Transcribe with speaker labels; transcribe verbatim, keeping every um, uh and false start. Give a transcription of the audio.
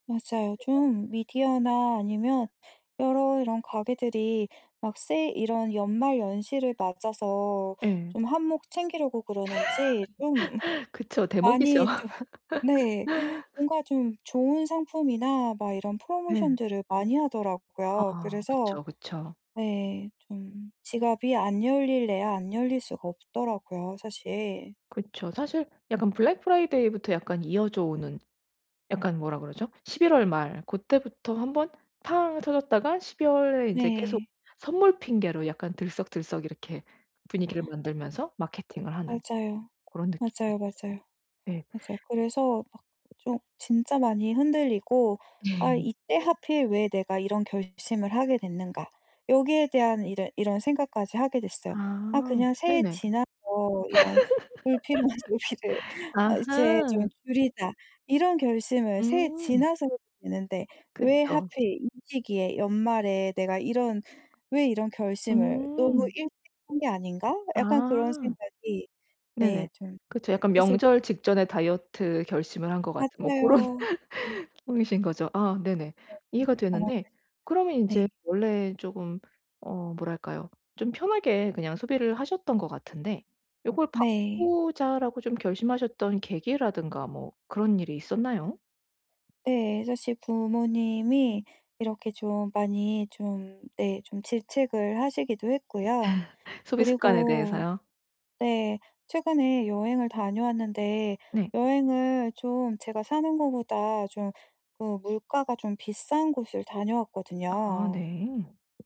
Speaker 1: 맞아요.
Speaker 2: 그죠.
Speaker 1: 좀 미디어나 아니면 여러 이런 가게들이 막 세일 이런 연말연시를 맞아서
Speaker 2: 예.
Speaker 1: 좀 한몫 챙기려고 그러는지 좀
Speaker 2: 그쵸. 대목이죠.
Speaker 1: 많이 좀 네 뭔가 좀 좋은 상품이나 막 이런
Speaker 2: 네.
Speaker 1: 프로모션들을 많이 하더라고요.
Speaker 2: 아
Speaker 1: 그래서
Speaker 2: 그쵸, 그쵸.
Speaker 1: 네 좀 지갑이 안 열리려야 안 열릴 수가 없더라고요 사실.
Speaker 2: 그쵸. 사실 약간 블랙 프라이데이부터 약간 이어져 오는 약간 뭐라 그러죠? 십일 월 말 고때부터 한번 팡 터졌다가 십이 월에 이제 계속
Speaker 1: 네.
Speaker 2: 선물 핑계로 약간 들썩들썩 이렇게 분위기를 만들면서 마케팅을 하는
Speaker 1: 맞아요.
Speaker 2: 고런 느낌이
Speaker 1: 맞아요,
Speaker 2: 있죠.
Speaker 1: 맞아요.
Speaker 2: 예.
Speaker 1: 맞아요. 그래서 막 좀 진짜 많이 흔들리고 '아 이때 하필 왜 내가 이런 결심을 하게 됐는가.' 여기에 대한 이제 이런 생각까지 하게 됐어요. '아
Speaker 2: 아
Speaker 1: 그냥 새해
Speaker 2: 네네.
Speaker 1: 지나서 이런 불필요한 소비를 어 이제 좀
Speaker 2: 아하.
Speaker 1: 줄이자.' 이런 결심을 새해
Speaker 2: 음.
Speaker 1: 지나서 해도 되는데 왜
Speaker 2: 그쵸.
Speaker 1: 하필 이 시기에 연말에 내가 이런 왜 이런 결심을 으무
Speaker 2: 음.
Speaker 1: 일찍 한 게 아닌가? 약간 그런
Speaker 2: 아.
Speaker 1: 생각이 네
Speaker 2: 네네.
Speaker 1: 좀
Speaker 2: 그쵸.
Speaker 1: [unintelligible]
Speaker 2: 약간
Speaker 1: 슬슬
Speaker 2: 명절 직전에 다이어트 결심을 한 것 같은 뭐 고런
Speaker 1: 맞아요. 네.
Speaker 2: [unintelligible] 거죠. 아 네네.
Speaker 1: 네.
Speaker 2: 이해가 되는데 그러면 인제
Speaker 1: 정확하십니다. 네.
Speaker 2: 원래 쪼금 어 뭐랄까요? 좀 편하게 그냥 소비를 하셨던 것 같은데 '요걸
Speaker 1: 네.
Speaker 2: 바꾸자.'라고 좀 결심하셨던 계기라든가 뭐 그런 일이 있었나요?
Speaker 1: 네. 사실 부모님이 이렇게 좀 많이 좀 네 좀 질책을 하시기도 했고요.
Speaker 2: 소비 습관에
Speaker 1: 그리고
Speaker 2: 대해서요?
Speaker 1: 네 최근에 여행을 다녀왔는데
Speaker 2: 네.
Speaker 1: 여행을 좀 제가 사는 거보다 좀 그 물가가 좀 비싼 곳을
Speaker 2: 아
Speaker 1: 다녀왔거든요.
Speaker 2: 네.